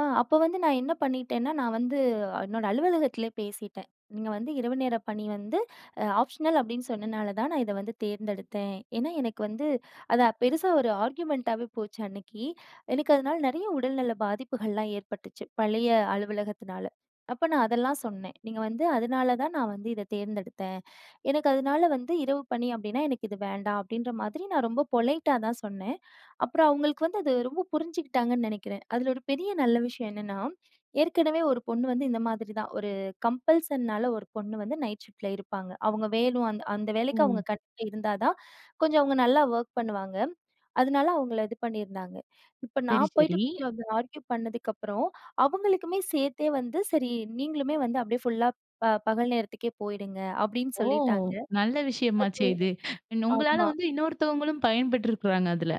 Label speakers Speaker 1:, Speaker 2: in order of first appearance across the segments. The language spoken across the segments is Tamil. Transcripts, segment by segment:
Speaker 1: ஆ, அப்ப வந்து நான் என்ன பண்ணிட்டேன்னா, நான் வந்து அ என்னோட அலுவலகத்திலே பேசிட்டேன். நீங்க வந்து இரவு நேர பணி வந்து அ ஆப்ஷனல் அப்டின்னு சொன்னனால தான் நான் இத வந்து தேர்ந்தெடுத்தேன். ஏன்னா, எனக்கு வந்து அத பெருசா ஒரு ஆர்குமென்ட் டாவே போச்சு அன்னைக்கு. எனக்கு அதுனால நெறைய உடல்நல பாதிப்புகள்லாம் ஏற்பட்டுச்சு, பழைய அலுவலகத்துனால. அப்ப நான் அதெல்லாம் சொன்னேன். "நீங்க வந்து அதுனால தான் நான் வந்து இத தேர்ந்தெடுத்தேன், எனக்கு அதுனால வந்து இரவு பணி அப்டின்னா எனக்கு இது வேண்டாம்" அப்டின்ற மாதிரி நான் ரொம்ப பொலைட் டா தான் சொன்னேன். அப்புறம் அவுங்களுக்கு வந்து அது ரொம்ப புரிஞ்சுகிட்டாங்கன்னு நெனைக்கிறேன். அதுல ஒரு பெரிய நல்ல விஷயம் என்னென்னா ஏற்கனவே ஒரு பொண்ணு வந்து இந்த மாதிரி தான். ஒரு கம்பல்சன் னால ஒரு பொண்ணு வந்து நைட் ஷிஃப்ட்ல இருப்பாங்க. அவுங்க வேணும் அந்த அந்த வேலைக்கு அவுங்க
Speaker 2: ம்.
Speaker 1: கண்டிப்பா இருந்தா தான் கொஞ்சம் அவுங்க நல்லா வொக் பண்ணுவாங்க. அதுனால அவுங்கள இது பண்ணியிருந்தாங்க. இப்ப
Speaker 2: சரி
Speaker 1: நான் போயிட்டு
Speaker 2: சரி.
Speaker 1: கொஞ்சம் ஆர்கியு பண்ணதுக்கப்புறம் அவுங்களுக்குமே சேர்த்தே வந்து சரி, "நீங்களுமே வந்து அப்டியே ஃபுல்லா பகல் நேரத்துக்கே போயிடுங்க" அப்டின்னு
Speaker 2: ஓ!
Speaker 1: சொல்லிட்டாங்க.
Speaker 2: நல்ல விஷயமாச்சே
Speaker 1: அது
Speaker 2: இது. உங்களால
Speaker 1: ஆமா.
Speaker 2: வந்து இன்னொருத்தவங்களும் பயன்பெற்றிருக்குறாங்க அதில!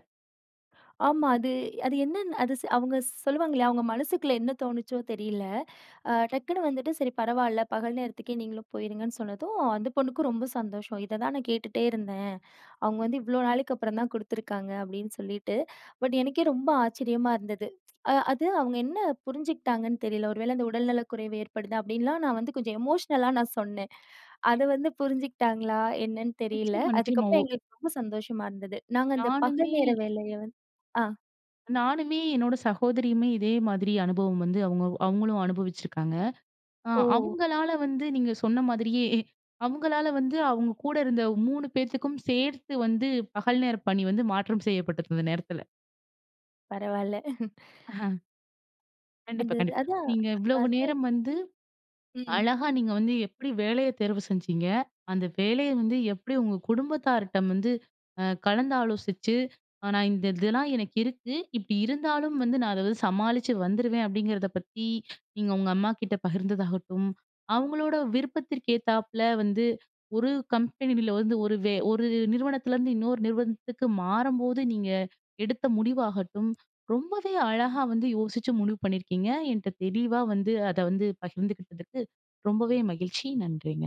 Speaker 1: ஆமா. அது அது என்னன்னு அது ஸ் அவுங்க ஸ் சொல்லுவாங்களையா அவுங்க மனசுக்குள்ள என்ன தோணுச்சோ தெரியல! ஆ டக்குனு வந்துட்டு சரி பரவால்ல, பகல் நேரத்துக்கே நீங்களும் போயிருங்கன்னு சொன்னதும். அந்த பொண்ணுக்கும் ரொம்ப சந்தோஷம். "இத தான் நான் கேட்டுட்டே இருந்தேன். அவுங்க வந்து இவ்ளோ நாளைக்கப்புறம் தான் குடுத்துருக்காங்க" அப்டின்னு சொல்லிட்டு பட் எனக்கே ரொம்ப ஆச்சரியமா இருந்தது. அ அது அவுங்க என்ன புரிஞ்சுக்ட்டாங்கன்னு தெரில! ஒருவேள அந்த "உடல்நலக்குறைவு ஏற்படுது' அப்டின்லாம் நான் வந்து கொஞ்சம் எமோஷ்னல் லா நான் சொன்னேன். அத வந்து புரிஞ்சுகிட்டாங்களா! என்னன்னு தெரியல.
Speaker 2: நிச்சியமா நிச்சியமா.
Speaker 1: அதுக்கப்புறம்
Speaker 2: ஒ
Speaker 1: எங்களுக்கு ரொம்ப சந்தோஷமா இருந்தது. நாங்க அந்த பகல்
Speaker 2: நானுமே
Speaker 1: நேர வேலைய வந் ஆ!
Speaker 2: நானுமே என்னோட சகோதரியுமே இதே மாதிரி அனுபவம் வந்து, அவுங்க அவங்களும் அனுபவிச்சிருக்காங்க, அ
Speaker 1: ஓ!
Speaker 2: அவங்களால வந்து நீங்க சொன்ன மாதிரியே அவுங்களால வந்து அவுங்க கூட இருந்த 3 பேத்துக்கும் சேர்த்து வந்து பகல் நேர பணி வந்து மாற்றம் செய்யப்பட்டிருந்த நேரத்தில,
Speaker 1: பரவால்ல.
Speaker 2: அஹ. கண்டிப்பா,
Speaker 1: அது ரு
Speaker 2: கண்டிப்
Speaker 1: அதான்
Speaker 2: நீங்க இவ்ளவு
Speaker 1: அது
Speaker 2: நேரம் வந்து
Speaker 1: ம்.
Speaker 2: அழகா நீங்க வந்து எப்டி வேலைய தேர்வு செஞ்சிங்க. அந்த வேலைய வந்து எப்டி உங்க குடும்பத்தார்டம் வந்து அ கலந்தாலோசிச்சு. அ நான் இந்த இதெல்லாம் எனக்கு இருக்கு, இப்டி இருந்தாலும் வந்து நான் அத வந்து சமாளிச்சு வந்துருவேன் அப்டிங்கிறத பத்தி நீங்க உங்க அம்மாகிட்ட பகிர்ந்ததாகட்டும், அவங்களோட விருப்பத்ததிற்க்கேத்தாப்புல வந்து, ஒரு கம்பெனில வந்து ஒரு வே ஒரு நிறுவனத்துலேருந்து இன்னொரு நிறுவனத்துக்கு மாறம்போது நீங்க எடுத்த முடிவாகட்டும். ரொம்பவே
Speaker 1: ம்.
Speaker 2: அழகா வந்து யோசிச்சு முடிவு பண்ணியிருக்கீங்க என்ட்ட தெளிவா வந்து அத வந்து பகிர்ந்துக்கிட்டதுக்கு ரொம்பவே மகிழ்ச்சி நன்றிங்க.